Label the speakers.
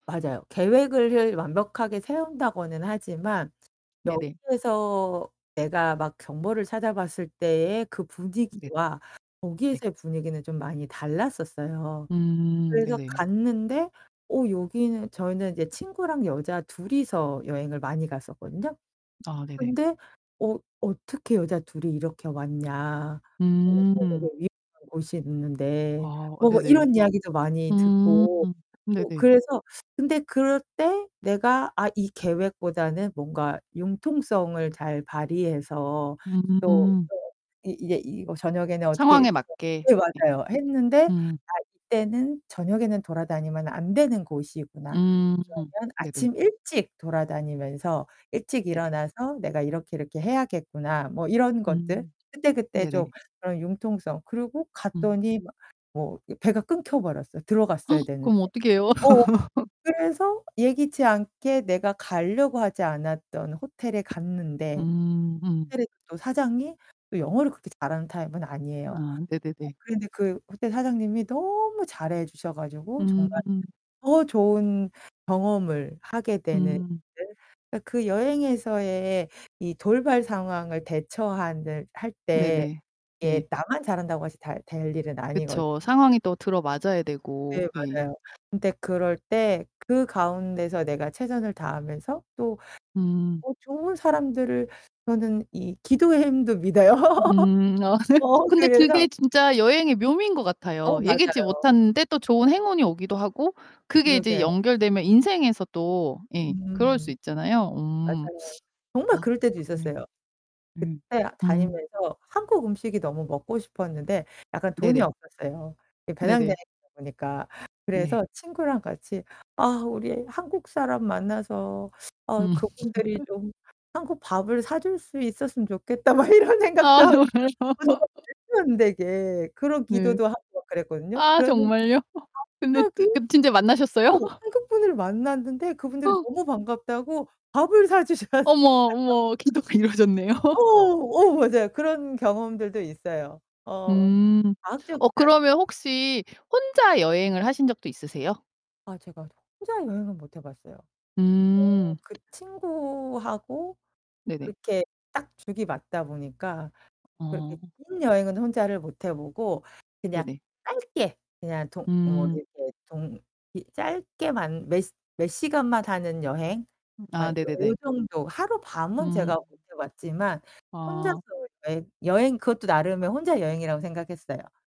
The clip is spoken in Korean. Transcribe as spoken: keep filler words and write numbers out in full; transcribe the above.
Speaker 1: 맞아요. 계획을 을 완벽하게 세운다고는 하지만
Speaker 2: 네네.
Speaker 1: 여기에서 내가 막 정보를 찾아봤을 때의 그
Speaker 2: 네.
Speaker 1: 분위기와
Speaker 2: 네.
Speaker 1: 거기에서의 분위기는 좀 많이 달랐었어요.
Speaker 2: 음.
Speaker 1: 그래서
Speaker 2: 네네.
Speaker 1: 갔는데 어 여기는 저희는 이제 친구랑 여자 둘이서 여행을 많이 갔었거든요.
Speaker 2: 아 네네.
Speaker 1: 근데 "어, 어떻게 여자 둘이 이렇게 왔냐? 어 여기선 되게
Speaker 2: 음.
Speaker 1: 위험한 곳이 있는데."
Speaker 2: 아
Speaker 1: 뭐 뭐
Speaker 2: 네네.
Speaker 1: 이런 이야기도 많이 듣고
Speaker 2: 음
Speaker 1: 뭐
Speaker 2: 네네.
Speaker 1: 그래서 근데 그럴 때 '내가 아 이 계획보다는 뭔가 융통성을 잘 발휘해서 또
Speaker 2: 음.
Speaker 1: 또 이 이제 이거 저녁에는 어떻게
Speaker 2: 상황에
Speaker 1: 이렇게'
Speaker 2: 맞게
Speaker 1: 네 네
Speaker 2: 예.
Speaker 1: 맞아요. 했는데
Speaker 2: 음.
Speaker 1: 아 이때는 '저녁에는 돌아다니면 안 되는 곳이구나.
Speaker 2: 음
Speaker 1: 그러면
Speaker 2: 네네.
Speaker 1: 아침 일찍 돌아다니면서 일찍
Speaker 2: 네네.
Speaker 1: 일어나서 내가 이렇게 이렇게 해야겠구나.' 뭐 이런 것들
Speaker 2: 음
Speaker 1: 그때그때 좀
Speaker 2: 네네.
Speaker 1: 그런 융통성 그리고
Speaker 2: 음.
Speaker 1: 갔더니 막 뭐 이 배가 끊겨 버렸어요, 들어갔어야 되는데.
Speaker 2: 그럼 어떻게 해요?
Speaker 1: 어 그래서 예기치 않게 내가 가려고 하지 않았던 호텔에 갔는데
Speaker 2: 음. 음.
Speaker 1: 호텔에 또 사장이 또 영어를 그렇게 잘하는 타입은 아니에요.
Speaker 2: 아
Speaker 1: 어
Speaker 2: 네네네.
Speaker 1: 그런데 그 호텔 사장님이 너무 잘해 주셔 가지고 정말
Speaker 2: 음.
Speaker 1: 더 좋은 경험을 하게 되는
Speaker 2: 음.
Speaker 1: [unintelligible] 그 여행에서의 이 돌발 상황을 대처하는 할 때
Speaker 2: 네네. 네.
Speaker 1: 이게 나만 잘한다고 해서 다 될 일은 아니거든.
Speaker 2: 그쵸. 상황이 또 들어맞아야
Speaker 1: 네,
Speaker 2: 되고 예.
Speaker 1: 맞아요. 근데 그럴 때 그 가운데서 내가 최선을 다하면서 또
Speaker 2: 음.
Speaker 1: 어 좋은 사람들을 저는 이 기도의 힘도 믿어요.
Speaker 2: 음. 아 네.
Speaker 1: 어
Speaker 2: 근데
Speaker 1: 그래서
Speaker 2: 그게 진짜 여행의 묘미인 것
Speaker 1: 어
Speaker 2: 같아요. 예기치
Speaker 1: 맞아요.
Speaker 2: 못하는데 또 좋은 행운이 오기도 하고 그게 이제
Speaker 1: 그러게요.
Speaker 2: 연결되면 인생에서 또 예 그럴 수
Speaker 1: 음.
Speaker 2: 있잖아요. 음.
Speaker 1: 맞아요. 정말
Speaker 2: 아
Speaker 1: 그럴 때도
Speaker 2: 음 네.
Speaker 1: 있었어요.
Speaker 2: 음
Speaker 1: 그때
Speaker 2: 음.
Speaker 1: 다니면서 한국 음식이 너무 먹고 싶었는데 약간 돈이
Speaker 2: 네네.
Speaker 1: 없었어요, 이 배낭여행이다
Speaker 2: 네네.
Speaker 1: 보니까.
Speaker 2: 네.
Speaker 1: 그래서 친구랑 같이 '아 우리 한국 사람 만나서 아
Speaker 2: 음.
Speaker 1: 그분들이 좀 한국 밥을 사 줄 수 있었으면 좋겠다.' 막 이런 생각도
Speaker 2: 아
Speaker 1: 하고. 그러니까
Speaker 2: 정말요.
Speaker 1: 어 정말 말도 안 되게 그런
Speaker 2: 네.
Speaker 1: 기도도 하고 막 그랬거든요.
Speaker 2: 아
Speaker 1: 그랬는데
Speaker 2: 정말요? 근데
Speaker 1: 갑자기
Speaker 2: 뜨 근 진짜 만나셨어요?
Speaker 1: 어, 한국분을 만났는데 그분들이 너무 반갑다고 밥을 사 주셨어요.
Speaker 2: 어머, 어머 기도가 이루어졌네요.
Speaker 1: 어 어 맞아요. 그런 경험들도 있어요. 어
Speaker 2: 음. 어
Speaker 1: 과학적이잖
Speaker 2: 그러면 혹시 혼자 여행을 하신 적도 있으세요?
Speaker 1: 아 제가 혼자 여행은 못 해봤어요. 어
Speaker 2: 음.
Speaker 1: 그 친구하고
Speaker 2: 네네.
Speaker 1: 그렇게 딱 죽이 맞다 보니까 그렇게
Speaker 2: 어.
Speaker 1: 긴 여행은 혼자를 못 해 보고 그냥
Speaker 2: 네네.
Speaker 1: 짧게 그냥 동 뭐
Speaker 2: 음.
Speaker 1: 이렇게 동 이 짧게만 몇 몇 시간만 하는 여행
Speaker 2: 음
Speaker 1: 아이
Speaker 2: 아
Speaker 1: 요 요
Speaker 2: 네네네.
Speaker 1: 정도 하루밤 은
Speaker 2: 음.
Speaker 1: 제가 못 해 봤지만 혼자서
Speaker 2: 아.
Speaker 1: 여행 여행 그것도 나름의 혼자 여행이라고 생각했어요.